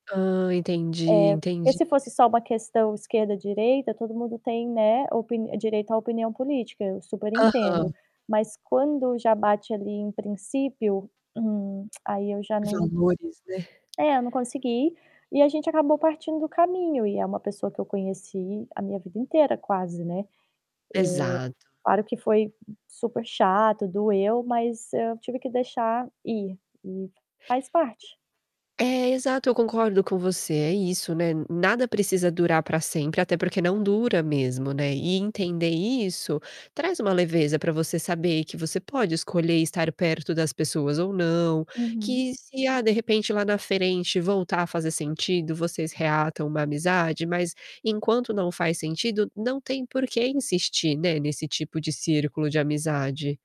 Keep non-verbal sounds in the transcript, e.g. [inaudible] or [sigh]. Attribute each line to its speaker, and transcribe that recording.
Speaker 1: Ah, entendi,
Speaker 2: É. E
Speaker 1: entendi.
Speaker 2: se fosse só uma questão esquerda, direita, todo mundo tem, né, opin direito à opinião política, eu super
Speaker 1: Aham.
Speaker 2: entendo. Mas quando já bate ali em princípio, hum, [clicks tongue] aí eu já não
Speaker 1: Valores, né.
Speaker 2: é, eu não consegui e a gente acabou partindo o caminho. E é uma pessoa que eu conheci a minha vida inteira quase, né. Eh,
Speaker 1: Exato.
Speaker 2: claro que foi super chato, doeu, mas eu tive que deixar ir. E faz parte.
Speaker 1: É, exato. Eu concordo com você, é isso, né, nada precisa durar para sempre, até porque não dura mesmo, né. E entender isso traz uma leveza para você saber que você pode escolher estar perto das pessoas ou não.
Speaker 2: Uhum.
Speaker 1: Que se, ah, de repente lá na frente voltar a fazer sentido, vocês reatam uma amizade, mas enquanto não faz sentido, não tem por que insistir, né, nesse tipo de círculo de amizade.